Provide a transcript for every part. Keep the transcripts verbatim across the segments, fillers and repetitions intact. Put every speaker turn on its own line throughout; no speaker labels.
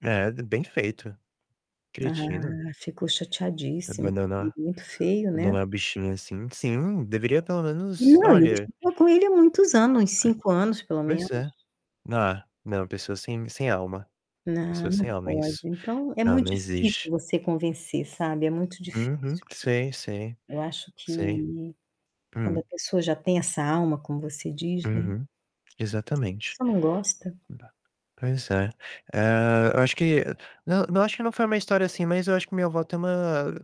É, d bem feito,
Ah,
cretina.
ficou chateadíssimo,
Abandonar
muito feio, né.
abandonar o bichinho assim sim, deveria pelo
Não
menos,
[unintelligible]
olha
estou com ele há muitos anos,
[unintelligible]
cinco anos, pelo
Pois é,
menos.
não não, pessoa sem sem alma, pessoa
Não,
sem
não
alma,
pode.
isso.
Então, é
Não, não
muito
existe.
difícil você convencer, sabe, é muito difícil.
Uhum, sim, sim,
Eu acho
sim.
que, quando
Hum.
a pessoa já tem essa alma, como você diz, né.
Uhum, exatamente.
Só não gosta.
[unintelligible] Pois é, eh, eu acho que não não acho que não foi uma história assim, mas eu acho que minha avó tem uma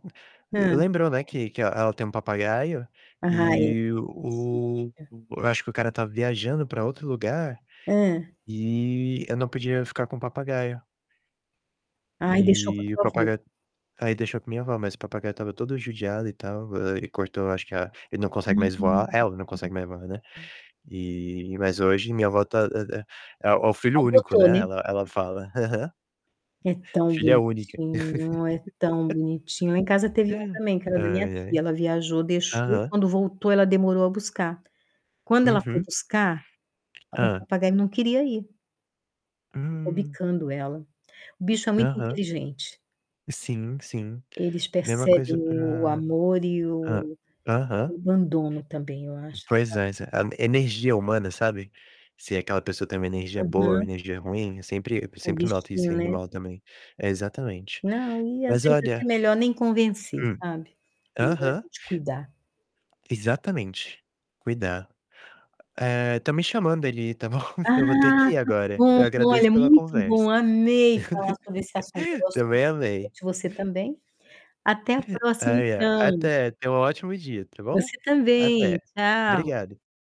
eh,
Hã.
lembrou, né, que que ela tem um papagaio,
Ah, é.
e o
[unintelligible]
eu acho que o cara estava viajando para outro lugar,
Hã.
e ele não podia ficar com o papagaio.
Aí deixou para
E o
sua avó.
papagaio aí deixou com minha avó, mas o papagaio estava todo judiado e tal, eh, ele cortou, acho que a ele não consegue
Ah,
mais
hum.
voar ela não consegue mais voar, né, eh, mas hoje minha avó tá [unintelligible] é é o filho único,
Adotou,
né,
né.
ela ela fala. Aham.
É tão
Filha única.
bonitinho, é tão bonitinho. Lá em casa teve um também que era da minha
Ai,
tia,
ai,
ela viajou, deixou e
aham.
quando voltou ela demorou a buscar. Quando ela foi
Uhum.
buscar, o
Hã.
papagaio não queria ir ficou
Hã.
bicando ela. O bicho é muito
Aham.
inteligente
Sim, sim,
eles
mesma coisa
percebem o o
para
amor e
hã,
o
aham.
abandono também, eu acho,
Pois
sabe.
é, sa energia humana, sabe. Se aquela pessoa tem uma energia boa ou
Uhum.
energia ruim, eu sempre eu
O
sempre noto isso
bichinho,
em
né.
animal também. É, exatamente.
Não e às
Mas
vezes até
olha
melhor nem convencer,
hum.
sabe. Melhor a
aham.
gente cuidar.
Exatamente, cuidar, eh, estão me chamando ali, tá bom? Eu vou ter que
Ah,
ir
tá
agora,
bom,
eu agradeço
olha,
pela
muito
conversa.
bom, amei falar sobre esse assunto [unintelligible]
também amei.
você também. Até a próxima,
Ai, a
então.
até, tenha um ótimo dia, está bom?
Você
Até,
também, tchau.
obrigado.